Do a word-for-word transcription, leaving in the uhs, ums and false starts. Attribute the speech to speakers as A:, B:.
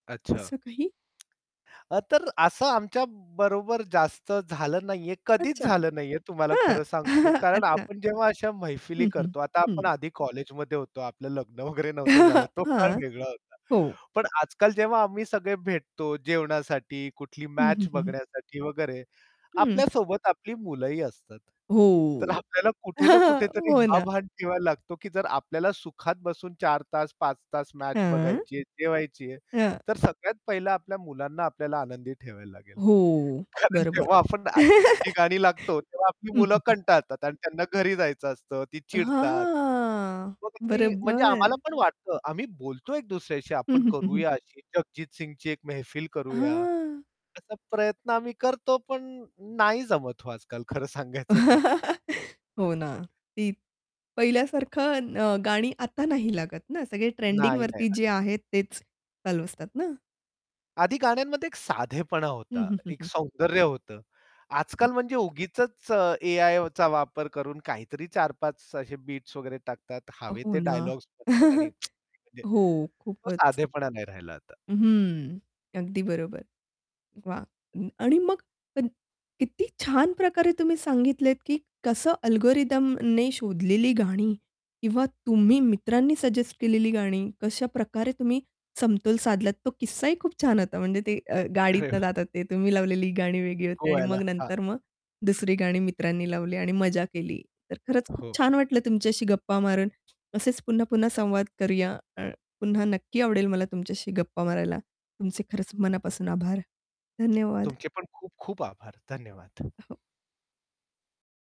A: अच्छा.
B: असं काही?
A: तर असं आमच्या बरोबर जास्त झालं नाहीये, कधीच
B: अच्छा.
A: झालं नाहीये. तुम्हाला
B: हां.
A: खरं सांगतो कारण
B: अच्छा.
A: आपण जेव्हा अशा मैफिली
B: हं, हं.
A: करतो आता आपण
B: हं.
A: आधी कॉलेजमध्ये होतो, आपलं लग्न वगैरे नव्हतं झालं, तो काळ
B: हां.
A: वेगळा होता.
B: हो.
A: पण आजकाल जेव्हा आम्ही सगळे भेटतो जेवणासाठी, कुठली
B: हं, हं,
A: मॅच
B: हं, हं.
A: बघण्यासाठी वगैरे,
B: हं.
A: आपल्या सोबत आपली मुलंही असतात. तर
B: हो.
A: आपल्याला कुठे ना कुठेतरी
B: हो
A: हा
B: ना.
A: भान ठेवायला लागतो की जर आपल्याला सुखात बसून चार तास, पाच तास मॅच
B: हां.
A: बघायची आहे, जेवायची आहे.
B: हां.
A: तर सगळ्यात पहिलं आपल्या मुलांना आपल्याला आनंदी ठेवायला लागेल.
B: हो.
A: कारण
B: बरोबर.
A: जेव्हा आपण जी गाणी लागतो तेव्हा आपली
B: हं,
A: मुलं
B: हं, हं.
A: कंटाळतात आणि त्यांना घरी जायचं असतं, ती चिडतात.
B: हां
A: मग मी म्हणजे आम्हाला
B: बरोबर.
A: पण वाटतं आम्ही बोलतो एक दुसऱ्याशी
B: हं,
A: आपण
B: हं, हं, हं.
A: करूया अशी जगजीत सिंगची एक मेहफिल करूया.
B: हं.
A: असा प्रयत्न आम्ही करतो, पण नाही जमत हो आजकाल खरं सांगायचं तर.
B: हो ना. ती पहिल्यासारखं अ, गाणी आता नाही लागत ना. सगळे
A: नाही नाही.
B: ट्रेंडिंगवरती
A: [unintelligible]
B: जे आहेत तेच चालू असतात ना.
A: आधी गाण्यांमध्ये एक साधेपणा
B: हं,
A: होता.
B: हं, हं,
A: एक
B: हं.
A: सौंदर्य होतं. आजकाल म्हणजे
B: अच्छा.
A: उगीचच अ, ए-आयचा वापर करून काहीतरी चार पाच असे बीट्स वगैरे टाकतात हवे
B: हो
A: ते
B: ना.
A: डायलॉग्स म्हणतात आणि आणि म्हणजे
B: हो.
A: तो
B: खूपच.
A: साधेपणा नाही राहिला आता.
B: हं. अगदी बरोबर. वाह! आणि मग [unintelligible] किती छान प्रकारे तुम्ही सांगितलेत की कसं अल्गोरिथमने शोधलेली गाणी किंवा तुम्ही मित्रांनी सजेस्ट केलेली गाणी कशाप्रकारे तुम्ही समतोल साधलात तो किस्साही खूप छान होता म्हणजे ते अ, गाडीतून
A: [unintelligible]
B: जातात ते तुम्ही लावलेली गाणी वेगळी होती आणि
A: गोव्याला.
B: मग
A: हां.
B: नंतर मग दुसरी गाणी मित्रांनी लावली आणि मजा केली. तर खरंच खूप
A: हो.
B: छान वाटलं तुमच्याशी गप्पा मारून. असेच पुन्हा-पुन्हा संवाद करूया. अ, पुन्हा नक्की आवडेल मला तुमच्याशी गप्पा मारायला तुमचे खरंच मनापासून आभार. धन्यवाद.
A: तुमचे पण खूप-खूप आभार. धन्यवाद.
B: हो.